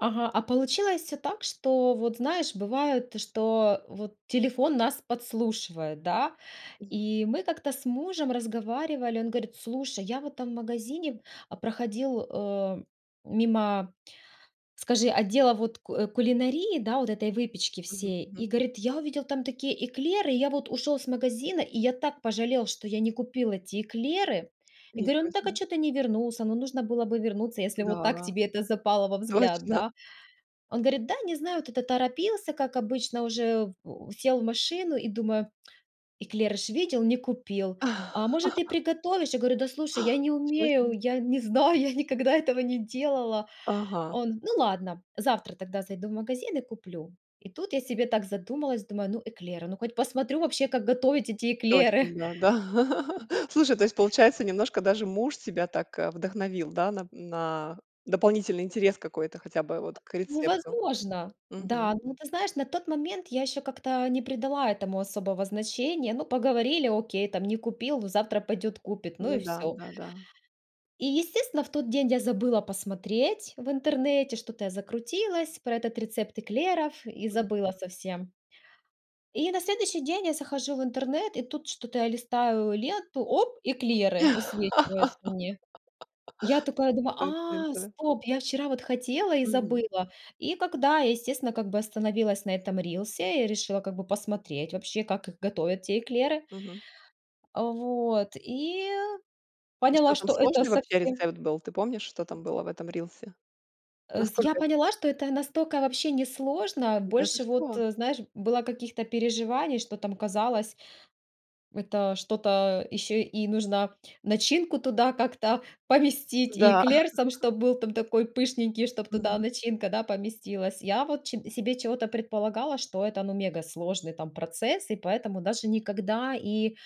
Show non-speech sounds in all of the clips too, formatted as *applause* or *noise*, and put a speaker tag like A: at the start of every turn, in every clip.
A: Ага, а получилось всё так, что вот, знаешь, бывает, что вот телефон нас подслушивает, да?
B: Уф
A: И мы как-то с мужем разговаривали, он говорит: "Слушай, я в этом магазине, а, проходил, э, мимо, скажи, отдела вот ку кулинарии, да, вот этой выпечки
B: Мгм,
A: всей".
B: мгм.
A: И говорит: "Я увидел там такие эклеры, и я вот ушёл c магазина, и я так пожалел, что я не купил эти эклеры". И
B: Не
A: говорю: "Ну так, а
B: срочно.
A: чё ты не вернулся? Ну, нужно было бы вернуться, если вот так
B: Да.
A: тебе это запало во взгляд,
B: Точно.
A: да?" Он говорит, да, не знаю, вот это торопился, как обычно уже в сел в машину и думаю: "Эклеры ж видел, не купил. А, может, ты
B: *chuckles*
A: приготовишь?" Я говорю: "Да, слушай, я не
B: Ничего
A: умею,
B: себе.
A: я не знаю, я никогда этого не делала".
B: Ага.
A: Он: "Ну ладно, завтра тогда зайду в магазин и куплю". И тут я себе так задумалась, думаю, ну, эклеры, ну, хоть посмотрю вообще, как готовить эти эклеры.
B: Точно,
A: М
B: да, да. *laughs* Слушай, то есть, получается, немножко даже муж тебя так, а, вдохновил, да? На д на дополнительный интерес какой-то хотя бы вот к
A: Ну,
B: рецепту.
A: возможно.
B: Мгм.
A: Да, но ты знаешь, на тот момент я ещё как-то не придала этому особого значения. Ну, поговорили, окей, там не купил, ну, завтра пойдёт купит. Ну
B: Ну
A: и
B: да.
A: всё.
B: Да-да.
A: И, естественно, в тот день я забыла посмотреть в интернете, что-то я закрутилась про этот рецепт эклеров и
B: Мгм.
A: забыла совсем. И на следующий день я захожу в интернет, и тут что-то я листаю ленту, оп, эклеры высвечиваются мне. Я такая
B: *laughs*
A: думаю,
B: Точно,
A: а,
B: да.
A: стоп, я вчера вот хотела и
B: Мгм.
A: забыла. И когда я, естественно, как бы остановилась на этом рилсе и решила как бы посмотреть вообще, как их готовят, те эклеры.
B: Мгм.
A: А, вот, и
B: И что
A: поняла,
B: там,
A: что это
B: сложный вообще
A: совсем
B: рецепт был? Ты помнишь, что там было в этом рилсе?
A: Э, с я
B: Насколько это
A: поняла, что это настолько вообще несложно.
B: Да ты
A: Больше вот,
B: что?
A: э, знаешь, было каких-то переживаний, что там казалось это что-то ещё и нужно начинку туда как-то поместить, и
B: Да.
A: эклер сам
B: *chuckles*
A: чтоб был там такой пышненький, чтоб туда
B: Мгм.
A: начинка, да, поместилась. Я вот че себе чего-то предполагала, что это, ну, мегасложный, там, процесс и поэтому даже никогда и,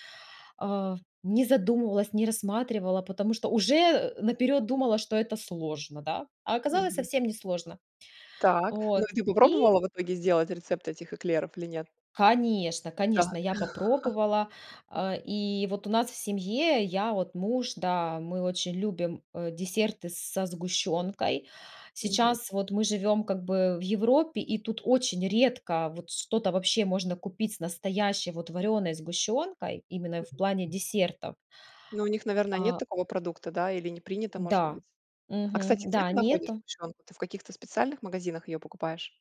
A: а, не задумывалась, не рассматривала, потому что уже наперёд думала, что это сложно, да? А оказалось
B: Мгм.
A: совсем несложно.
B: Так, ну,
A: Вот,
B: и ты
A: и
B: попробовала в итоге сделать рецепт этих эклеров или нет?
A: Конечно,
B: Да.
A: конечно, я
B: *chuckles*
A: попробовала. А, и вот у нас в семье, я, вот муж, да, мы очень любим, э, десерты со сгущёнкой.
B: Мгм.
A: Сейчас вот мы живем как бы в Европе, и тут очень редко вот что-то вообще можно купить с настоящей вот варёной сгущёнкой, именно в
B: Мгм.
A: плане десертов.
B: Ну, у них, наверно, нет
A: А
B: такого продукта, да? Или не принято, может быть?
A: Да,
B: А,
A: мгм,
B: кстати, где
A: да,
B: ты
A: не
B: находишь
A: это.
B: сгущёнку? Ты в каких-то специальных магазинах её покупаешь?